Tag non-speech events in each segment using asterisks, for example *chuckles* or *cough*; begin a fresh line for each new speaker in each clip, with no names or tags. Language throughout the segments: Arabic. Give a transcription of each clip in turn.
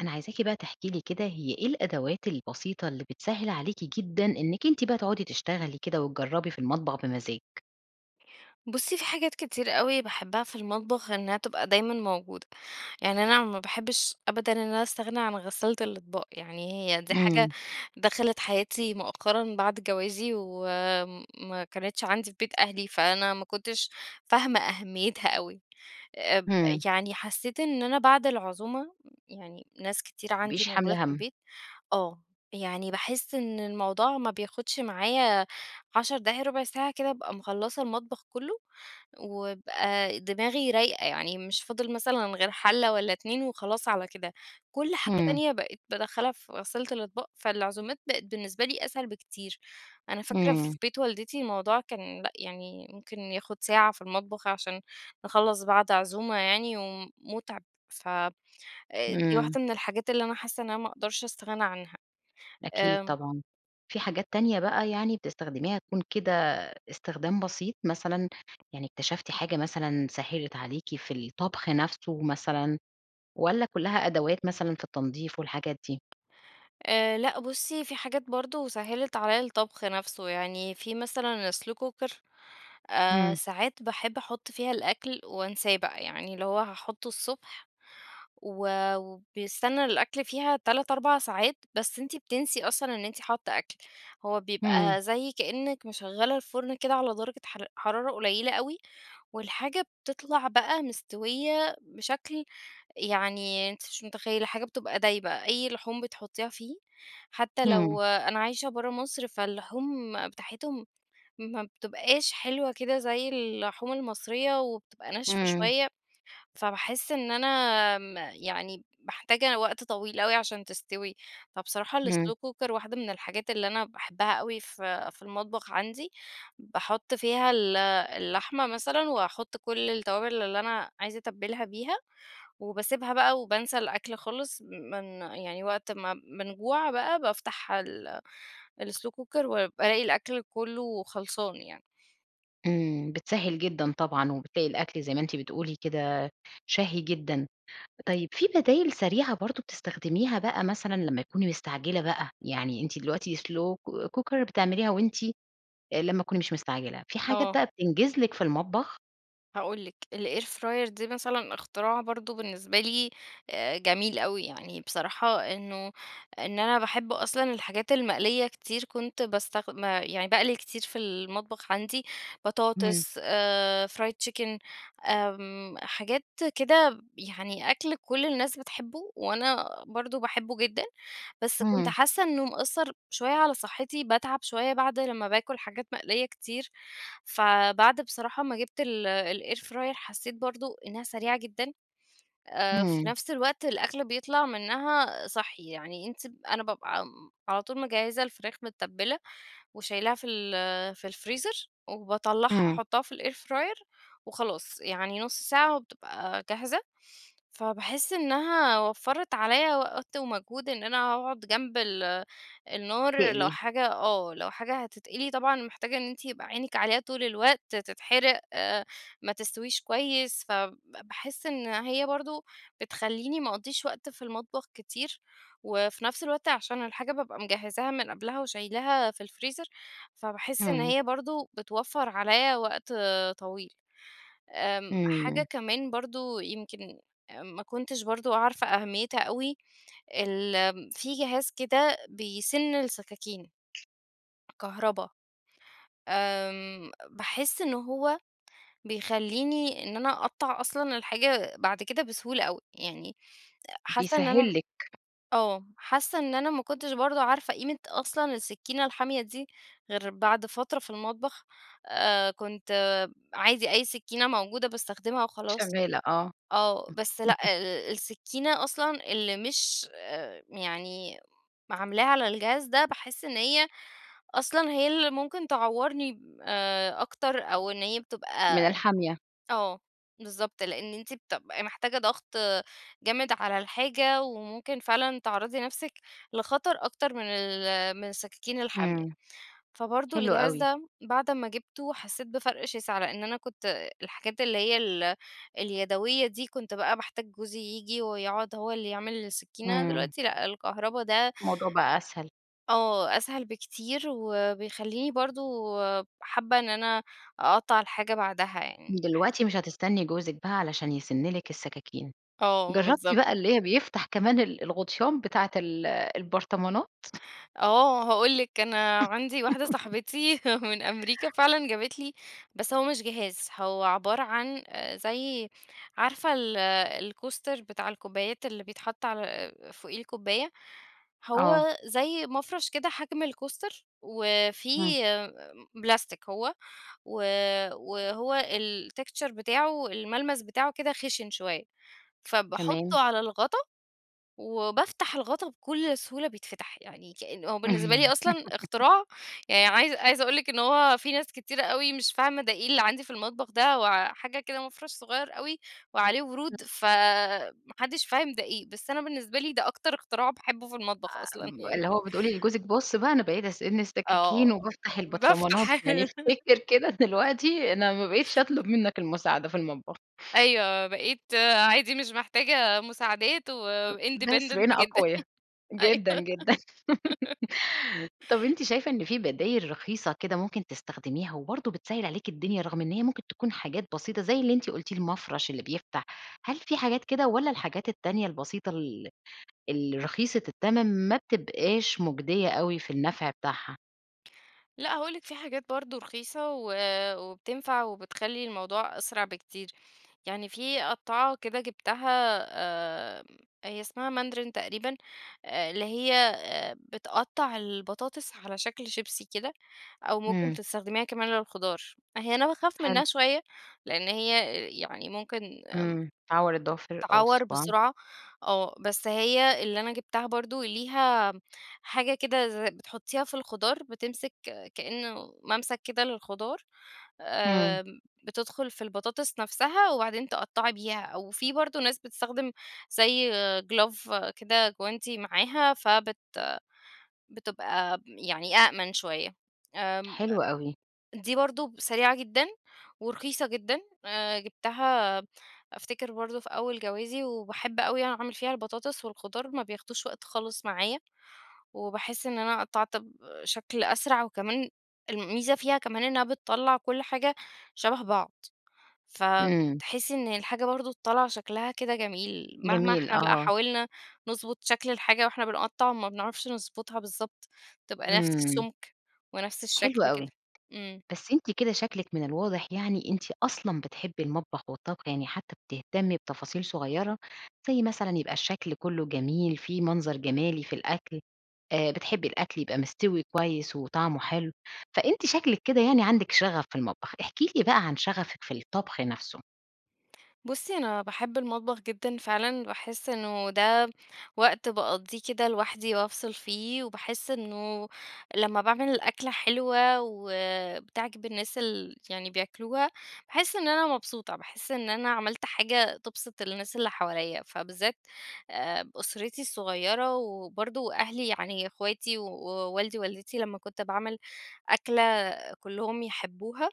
أنا عايزاكِ بقى تحكي لي كده هي إيه الأدوات البسيطة اللي بتسهِّل عليكِ جدًا إنِّك أنتِ بقى تقعدي تشتغلي كده، وتجربي في المطبخ بمزاج؟
بُصِّي، في حاجات كتير أوي باحبَّها في المطبخ إنها تبقى دايمًا موجودة، يعني أنا ما باحبِّش أبدًا إن أنا أستغنى عن غسالة الأطباق، يعني هي دي حاجة
إمم.
دخلت حياتي مؤخرًا بعد جوازي و ما كانِتش عندي في بيت أهلي، فأنا ما كُنتش فاهمة أهميتها أوي، اب
إمم.
يعني حسّيت إن أنا بعد العزومة، يعني ناس كتير
ما
عندي
تبقيش
موجودة
حاملة
في
همّ.
البيت آه، يعني باحسّ إن الموضوع ما بياخدش معايا 10 دقايق ربع ساعة كده أبقى مخلَّصة المطبخ كلُّه، وابقى دماغي رايقة يعني مش فاضل مثلًا غير حَلَّة والَّا اتنين وخلاص على كده، كل حاجة
إمم.
تانية بقِت بادخَّلها في غسالة الاطباق، فالعزومات بقِت بالنسبة لي أسهل بكتير، أنا فاكرة في
إمم.
بيت والدتي الموضوع كان لأ يعني ممكن ياخد ساعة في المطبخ عشان نخلَّص بعد عزومة يعني، ومُتعب ف أ دي
إمم.
واحدة من الحاجات اللي أنا حاسّة إن أنا ما اقدرش أستغنى عنها،
أكيد
آآ
طبعًا، في حاجات تانية بقى يعني بتستخدميها تكون كده استخدام بسيط مثلًا، يعني اكتشفتِ حاجة مثلًا سهِّلت عليكِ في الطبخ نفسُه مثلًا، والَّا كلَّها أدوات مثلًا في التنضيف والحاجات دي؟
آآ، لأ بُصّي، في حاجات برضه سهِّلت عليَّا الطبخ نفسه يعني، في مثلًا slow cooker آآ،
إمم.
ساعات باحبّ أحُطّ فيها الأكل وانساه بقى، يعني اللي هو هاحُطُّه الصبح و وبيستنى الأكل فيها 3، 4 ساعات، بس أنتِ بتنسي أصلًا إن أنتِ حاطة أكل، هو
إمم.
بيبقى زي كأنِّك مشغَّلة الفُرن كده على درجة حر حرارة قُليلة أوي، والحاجة بتطلع بقى مستويّة بشكل يعني أنتِ مش متخيلّة، الحاجة بتبقى دايبة، أي لحوم بتحطيها فيه، حتى
إمم.
لو أنا عايشة برّه مصر فاللحوم بتاعتهم ما بتبقاش حلوة كده زي اللحوم المصرية وبتبقى ناشفة
إمم.
شوية فباحسّ إن أنا م يعني محتاجة وقت طويل أوي عشان تستوي، فبصراحة
إمم.
الslow cooker واحدة من الحاجات اللي أنا باحبَّها أوي في في المطبخ عندي، باحُط فيها ال اللحمة مثلًا وأحُط كل التوابل اللي أنا عايزة أتبِّلها بيها، وباسيبها بقى وبانسى الأكل خالص، من يعني وقت ما بنجوع بقى بافتح ال الslow cooker وبالاقي الأكل كلَّه خلصان يعني.
إمم، بتسهِّل جدًا طبعًا، وبتلاقي الأكل زي ما أنتِ بتقولي كده شهي جدًا، طيب في بدايل سريعة برضه بتستخدميها بقى مثلًا لما تكوني مستعجلة بقى، يعني أنتِ دلوقتي slow co cooker بتعمليها وأنتِ أ لمَّا تكوني مش مستعجلة، في حاجات
آه.
بقى بتنجِز لِك في المطبخ؟
هاقول لِك الair fryer دي مثلًا اختراع برضو بالنسبة لي، آآ جميل أوي، يعني بصراحة إنّه إن أنا باحب أصلًا الحاجات المقلية كتير، كنت باستخد آآ، يعني باقلي كتير في المطبخ عندي
امم.
بطاطس، آآ fried chicken آمم، حاجات كده يعني أكل كل الناس بتحبه وأنا برضو باحبّه جدًا، بس كنت
امم.
حاسّة إنّه مأثر شويّة على صحتي، باتعب شويّة بعده لمّا باكل حاجات مقلية كتير، فبعد بصراحة ما جبت ال الair fryer حسّيت برضو إنّها سريعة جدًا، آآ في
امم.
نفس الوقت الأكل بيطلع منّها صحّي، يعني أنتِ أنا بابقى امم، على طول مِجهزة الفراخ مِتبلة وشيلاها في ال في الفريزر وباطلعها
امم.
أحطها في الair fryer وخلاص، يعني نص ساعة وبتبقى جاهزة، فباحس إنّها وفرت عليَّ وقت ومجهود إن أنا أقعد جنب ال النار لو
تَقلي.
حاجة آه، لو حاجة هتتقلي، طبعًا محتاجة إن أنتِ يبقى عينيِك عليها طول الوقت، تتحرق آآ ما تستويش كويّس، فب باحس إن هي برضو بتخليني ما أقضيش وقت في المطبخ كتير وفي نفس الوقت عشان الحاجة بابقى مجهزها من قبلها وشيلاها في الفريزر، فباحس إن
امم.
هي برضو بتوفر عليَّ وقت طويل. آمم، حاجة
إمم.
كمان برضو يمكن آآ ما كُنتش برضو عارفة أهميتها أوي، ال في جهاز كده بيسن السكاكين، كهربا، آمم باحس إن هو بيخليني إن أنا أقطع أصلًا الحاجة بعد كده بسهولة أوي، يعني حاسّة إن أنا
بيسهل لِك.
آه حاسّة إن أنا ما كنتش برضو عارفة قيمة أصلًا السكينة الحامية دي غير بعد فترة في المطبخ، آآ كنت عادي، أي سكينة موجودة باستخدمها وخلاص.
شغالة، آه.
آه بس لأ،
*chuckles*
ال السكينة أصلًا اللي مش آآ يعني عاملاها على الجهاز ده باحس إن هي أصلًا هي اللي ممكن تعورني آآ أكتر أو إن هي
من
بتبقى
الحامية.
آه، بالضبط لأن أنتِ بتبقي محتاجة ضغط جامد على الحاجة وممكن فعلًا تعرضي نفسِك لخطر أكتر من ال من السكاكين الحامية.
امم.
فبرضه
حلو
الجهاز
أوي.
ده بعد أمّا جبته حسّيت بفرق شاسع، لأن أنا كنت الحاجات اللي هي ال اليدوية دي كنت بقى باحتاج جوزي ييجي ويقعد هو اللي يعمل السكينة،
إمم.
دلوقتي لأ الكهربا ده
الموضوع بقى أسهل.
آه، أسهل بكتير وبيخليني برضو حابة إن أنا أقطّع الحاجة بعدها، يعني باحس
دلوقتي مش هتستني جوزِك بقى علشان يسن لِك السكاكين،
آه،
جربتِ
بالضبط.
بقى اللي بيفتح كمان ال الغطيان بتاعة ال البرطمانات؟
آه، هاقول لِك أنا عندي واحدة
*laughs*
صاحبتي *chuckles* من أمريكا فعلًا جابت لي، بس هو مش جهاز، هو عبارة عن آآ زي عارفة ال الكوستر بتاع الكوبايات اللي بيتحط على آآ فوقيه الكوباية،
آه.
هو زي مَفرش كده، حجم الكوستر وفي
امم.
آآ آمم بلاستيك هو و وهو الtexture بتاعه الملمس بتاعه كده خشن شويّة،
تمام.
فباحطه على الغطا وبافتح الغطا بكل سهولة بيتفتح، يعني كأنّ هو بالنسبة لي أصلًا
*laughs*
اختراع يعني، عايزة عايزة أقول لِك إن هو في ناس كتيرة أو مش فاهمة ده إيه اللي عندي في المطبخ ده هو حاجة كده مَفرش صغيّر أوي وعليه
*unintelligible*
ورود فما حدش فاهم ده إيه، بس أنا بالنسبة لي ده أكتر اختراع باحبّه في المطبخ أصلًا
آمم،
يعني.
اللي هو بتقولي لجوزِك، بص بقى أنا بقيت
آه،
السككين وبافتح البطرمنات،
بافتح
يعني افتكر كده
*giggles*
دلوقتي أنا ما بقتش أطلب
*chuckles*
مِنَك المساعدة في المطبخ.
أيوه بقيت عادي، مش محتاجة مُساعدات
أ بس
وindependent
بقينا
جدًا،
أقويا،
*chuckles* أيوه.
جدًا، جدًا.
*giggles*
*laughs* طب، أنتِ شايفة إن في بدايل رخيصة كده ممكن تستخدميها وبرضو بِتسَهِّل عليكِ الدنيا رغم إن هي ممكن تكون حاجات بسيطة زي اللي أنتِ قُلتي، المَفرش اللي بيفتح؟ هل في حاجات كده والّا الحاجات التانية البسيطة ال الرخيصة التّمن ما بتبقاش مُجدية أوي في النفع بتاعها؟
لأ هاقول لِك في حاجات برضه رخيصة و وبتنفَع وبتخلّي الموضوع أسرع بكتير، يعني في قطّاعة كده جبتها آمم هي اسمها ماندرين تقريبًا، اللي هي آآ بتقطّع البطاطس على شكْل شيبسي كده، أو ممكن
امم.
تستخدميها كمان للخضار، هيّ أنا باخاف
حلو.
منها شويّة لإن هيّ يعني ممكن آمم
امم. بتعور الضوافر أو
تعوَّر
الصُباع.
بسرعة، آه بس هيّ اللي أنا جبتها برضه ليها حاجة كده ز بتحطّيها في الخضار، بتمسِك كإنه مَمْسك كده للخضار،
امم.
آمم بتدخُل في البطاطس نفسها وبعدين تقطّعي بيها، أو في برضه ناس بتستخدِم زي glove كده جوانتي معاها، فبت بتبقى يعني أَأْمن شويّة، آمم
حلو أوي.
دي برضه سريعة جدًا ورخيصة جدًا، آآ جبتها أفتكِر برضه في أول جوازي، وباحب أوي أعمل فيها البطاطس والخضار ما بياخدوش وقت خالص معايا، وباحس إن أنا قطّعت بشكْل أسرع وكمان، الميزة فيها كمان إنها بتطلّع كل حاجة شبه بعض،
امم.
فتحسّي إن الحاجة برضه طالعة شكلها كده جميل، مهما
جميل،
إحنا بقى
آه.
حاولنا نضبُط شكْل الحاجة وإحنا بنقطّع ما بنعرفش نضبُطها بالضبط، تبقى نفْس
إمم.
السُّمك ونفْس
حلو
الشكل
أوي،
كده. امم.
بس أنتِ كده شكلِك من الواضح يعني، أنتِ أصلًا بتحبّي المطبخ والطّبخ يعني حتى بتهتمي بتفاصيل صغيرة، زي مثلًا يبقى الشكل كلُّه جميل فيه منظَر جمالي في الأكل، آآ بتحبّي الأكل يبقى مِستوي كويّس وطعمُه حلو، فأنتِ شكلِك كده يعني عندِك شغف في المطبخ، احكي لي بقى عن شغفِك في الطبخ نفْسه.
بُصّي، أنا باحِبّ المطبخ جدًا فعلًا، باحسّ إنه ده وقت باقضّيه كده لوحدي وافصل فيه، وباحسّ إنه لمَّا باعمل الأكلة حلوة وبتعجب الناس ال يعني بياكلوها، باحسّ إنه أنا مبسوطة، باحسّ إن أنا عملت حاجة تبسط الناس اللي حواليّا، فبالذات آآ، أسرتي الصغيرة، وبرضه أهلي يعني اخواتي ووالدي والدتي لمَّا كنت باعمل أكلة كلهم يحبّوها،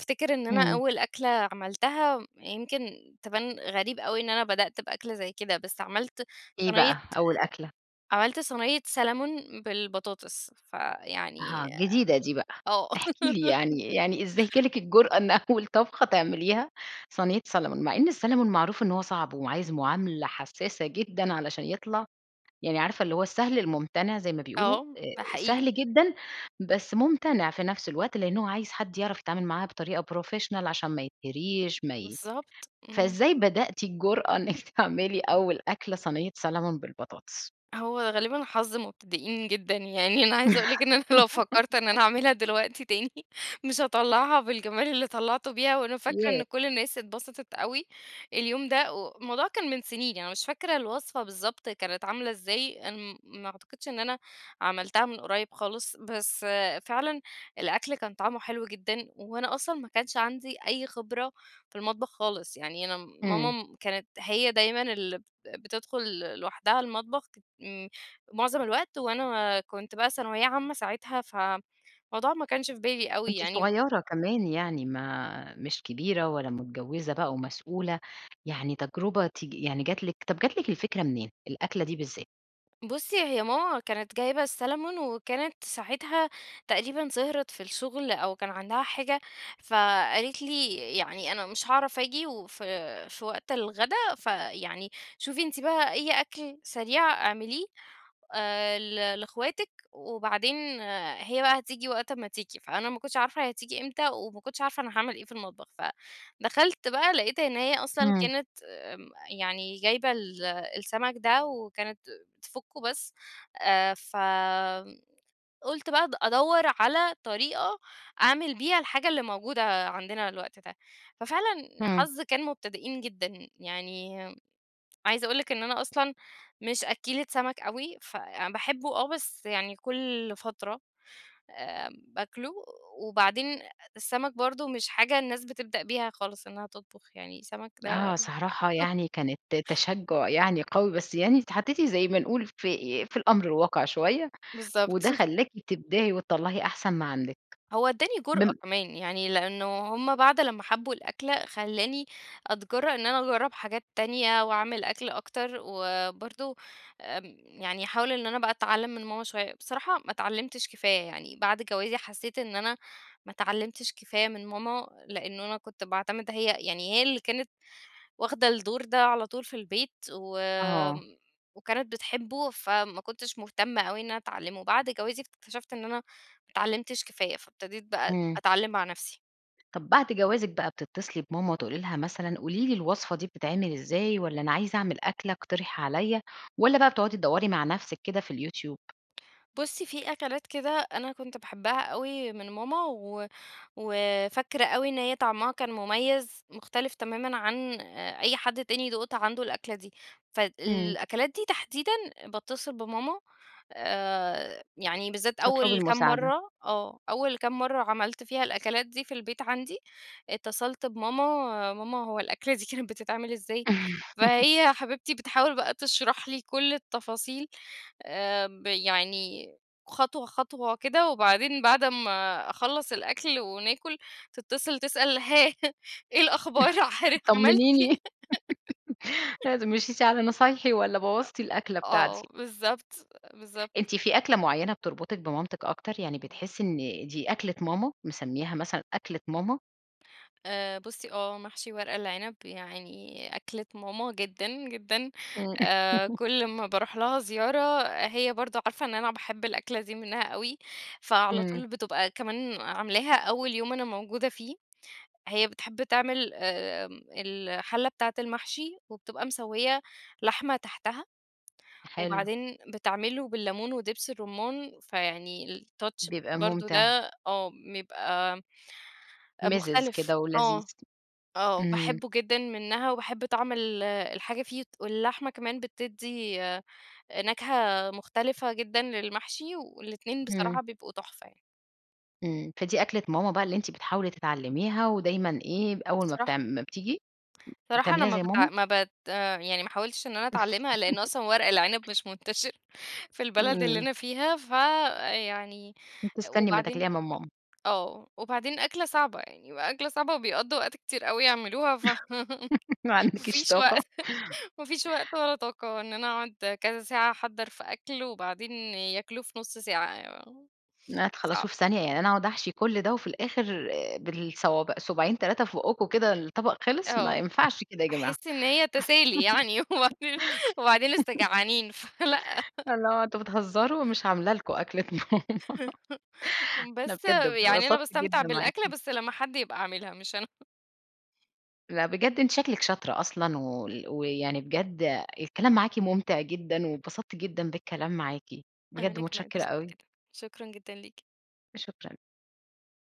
افتكر إن أنا
إمم.
أول أكلة عملتها يمكن تبان غريب أوي إن أنا بدأت بأكل زي كده، بس عملت
إيه
صينية
بقى، أول أكلة؟
عملت صينية سالمون بالبطاطس،
أها،
فيعني
جديدة دي بقى.
آه.
احكي لي
*laughs*
يعني، يعني إزاي جالِك الجُرأة إن أول طبخة تعمليها صينية سالمون، مع إن السالمون معروف إن هو صعب وعايز معاملة حسّاسة جدًا، علشان يطلع يعني عارفة اللي هو السهل المُمتنع زي ما بيقولوا،
آه، ده
آآ،
حقيقي.
سهل جدًا، بس مُمتنع في نفس الوقت، لأن هو عايز حد يعرف يتعامل معاه بطريقة professional عشان ما يتهريش ما ي
بالضبط، إمم.
فإزاي بدأتِ الجُرأة إنك تعملي أول أكلة صينية سالمون بالبطاطس؟
هو غالبًا حظ مبتدئين جدًا، يعني أنا عايزة *laughs* أقول لِك إن أنا لو فكَّرت إن أنا
*laughs*
أعملها دلوقتي تاني مش هاطلّعها بالجمال اللي طلّعته بيها وأنا فاكرة
ياه!
إن كل الناس اتبسطت أوي اليوم ده، الموضوع كان من سنين يعني مش فاكرة الوصفة بالضبط كانت عاملة إزاي، أنا م ما أعتقدش إن أنا عملتها من قريّب خالص، بس فعلًا الأكل كان طعمُه حلو جدًا، وأنا أصلًا ما كانش عندي أي خبرة في المطبخ خالص، يعني أنا
إمم.
ماما كانت هي دايمًا اللي بتدخل لوحدها المطبخ م معظم الوقت وأنا كنت بقى ثانوية عامّة ساعتها، فالموضوع ما كانش في بالي أوي
كنتِ
يعني.
صغيرة كمان يعني، ما مش كبيرة ولا متجوّزة بقى ومسؤولة، يعني تجرُبة تقي يعني جات لِك طب جات لك الفكرة منين؟ الأكلة دي بالذات.
بُصّي، هي ماما كانت جايبة السالمون وكانت ساعتها تقريبًا سهرت في الشغل أو كان عندها حاجة، فقالت لي يعني "أنا مش هاعرف آجي وف في وقت الغدا، فيعني شوفي أنتِ بقى أي أكل سريع اعمليه، آآ، ل لاخواتك" وبعدين هي بقى هتيجي وقت امَّا تيجي، فأنا ما كُنتش عارفة هتيجي إمتى، وما كُنتش عارفة أنا هاعمل إيه في المطبخ. فدَخَلت بقى لقيت إن هي أصلًا
امم.
كانت آآ، يعني جايبة ال السمَك ده وكانت بتفُكُّه بس، آآ، فقُلت بقى أد أدوّر على طريقة أعمل بيها الحاجة اللي موجودة عندنا الوقت ده، ففعلًا
همم.
حظ كان مبتدئين جدًا، يعني عايزة أقُول لِك إن أنا أصلًا مش أكّيلة سمَك أوي، ف باحبّه آه، بس يعني كل فترة آآ، باكله، وبعدين السمَك برضه مش حاجة الناس بتبدأ بيها خالص إنها تطبخ يعني، سمَك ده
آه، صراحة
*laughs*
يعني كانت تشجُّع يعني قوي، بس يعني اتحطيتِ زي ما نقول ف آآ، في الأمر الواقع شوية،
بالضبط.
وده
*unintelligible*
خلّاكِ تبدعِي وتطلَّعي أحسن ما عندِك،
هو ادّاني
من
جُرأة كمان، يعني لأنه هم بعد لمَّا حبّوا الأكلة، خلّاني أتجرّأ إن أنا أجرّب حاجات تانية وأعمل أكل أكتر، وبرضه آمم، يعني أحاول إن أنا بقى أتعلِّم من ماما شوية. بصراحة ما اتعلِّمتش كفاية، يعني بعد جوازي حسّيت إن أنا ما اتعلِّمتش كفاية من ماما، لأن أنا كنت باعتمِد هي يعني هي اللي كانت واخدة الدور ده على طول في البيت، و
آه.
وكانت بتحبُّه فما كُنتش مهتمّة أوي إن أنا أتعلِّمُه، بعد جوازي اكتشفت إن أنا ما اتعلِّمتش كفاية، فابتديت بقى
امم.
أتعلِّم مع نفسي.
طب بعد جوازِك بقى بتتّصلي بماما تقولي لها مثلًا، قولي لي الوصفة دي بتتعمل إزاي، والّا أنا عايزة أعمل أكلة اقترحي عليِّا، والّا بقى بتقعدي تدوّري مع نفسِك كده في اليوتيوب؟
بُصي في أكلات كده أنا كنت باحبها أوي من ماما، و وفاكرة أوي إن هيّ طعمها كان مُميز، مختلف تمامًا عن أ أي حد تاني دُقت عنده الأكلة دي، فد
امم.
الأكلات دي تحديدًا، باتّصل بماما آآ يعني بالذات
تطلبي
أول كام
المساعدة.
مرّة، آه أول كام مرّة عملت فيها الأكلات دي في البيت عندي، اتّصلت بماما، "ماما هو الأكلة دي كانت بتتعمل إزاي؟"
*laughs*
فهيّ حبيبتي بتحاول بقى تشرح لي كل التفاصيل، آآ ب يعني خطوة، خطوة كده، وبعدين بعد أمّا أخلّص الأكل وناكُل، تتّصل تسأل هاه إيه الأخبار
*chuckles*
حضرتِك عملتِ
طمّنيني.
إيه؟
*giggles*
*laughs*
لازم، مشيتِ على نصايحي، والّا
لأ.
بوظتِ الأكلة
آه،
بتاعتي؟
بالضبط، بالضبط.
أنتِ في أكلة معينة بتربُطك بمامتِك أكتر؟ يعني بتحسّي إن دي أكلة ماما، مسمّياها مثلًا أكلة ماما؟
آآ، بُصّي، آه محشي ورق العنب يعني أكلة ماما جدًا، جدًا،
إمم.
آآ،
*laughs*
كل ما باروح لها زيارة هي برضه عارفة إن أنا باحب الأكلة دي منها أوي، فعلى
إمم.
طول بتبقى كمان عاملاها أول يوم أنا موجودة فيه، هي بتحب تعمل آآ، الحلة بتاعة المحشي وبتبقى مسوّية لحمة تحتها
حلو.
وبعدين بتعملُه بالليمون ودبس الرمان، فيعني الtouch
بيبقى
برضه
مُمتِع.
ده آه بيبقى
مِزِز
مختلف،
كده ولذيذ،
آه، آه،
إمم.
باحبُّه جدًا منها وباحبّ طعم ال الحاجة فيه واللحمة كمان بتدّي آآ، نكهة مختلفة جدًا للمحشي، والاتنين
إمم.
بصراحة بيبقوا تحفة يعني.
إمم، فدي أكلة ماما بقى اللي أنتِ بتحاولي تتعلِّميها، ودايمًا إيه، أول ما بتع
صراحة
ما بتيجي
صراحة أنا
بتعمليها
ما
زي
بت
ماما؟
ما بت يعني ما حاولتش إن أنا أتعلِّمها لإن
*laughs*
أصلًا ورق العنب مش منتشرّ في البلد اللي
إمم.
أنا فيها، فيعني
بتستني امَّا
وبعدين
تاكليها من ماما.
آه، وبعدين أكلة صعبة يعني، يبقى أكلة صعبة وبيقضّوا وقت كتير أوي يعملوها ف
*laughs* ما
*laughs* ما
عندكيش
فيش
طاقة؟
وقت، ما فيش وقت ولا طاقة إن أنا أقعد كذا ساعة أحضّر في أكل، وبعدين ياكلوه في نُصّ ساعة، *unintelligible*
ن
صعب.
تخلّصوه في ثانية، يعني أنا أقعد أحشي كل ده وفي الآخر آآ، بالصوابع صوباعين، 3 في بُقُّكم، كده الطبق خِلِص، ما
آه،
ينفعش كده يا جماعة.
أحسّ إن هي تسالي *laughs* يعني، وبعدين وبعدين لسه
*giggles*
جعانين، فلأ.
اللي هو أنتم بتهزروا! مش عامله لكم أكل النهارده.
*laughs*
أنا
بس
بجد
يعني أنا
اتبسطت
باستمتع
جدًا معاكِ.
بالأكلة، بس لمَّا حد يبقى عاملها، مش أنا. *laughs*
لأ، بجد، أنتِ شكلك شاطرة أصلًا، وال ويعني بجد الكلام معاكِ مُمتع جدًا، واتبسطت جدًا بالكلام معاكِ، بجد
أنا كمان
مُتشكِّرة
اتبسطت
أوي.
جدًا، شكرًا جدًا ليكِ.
شكرًا.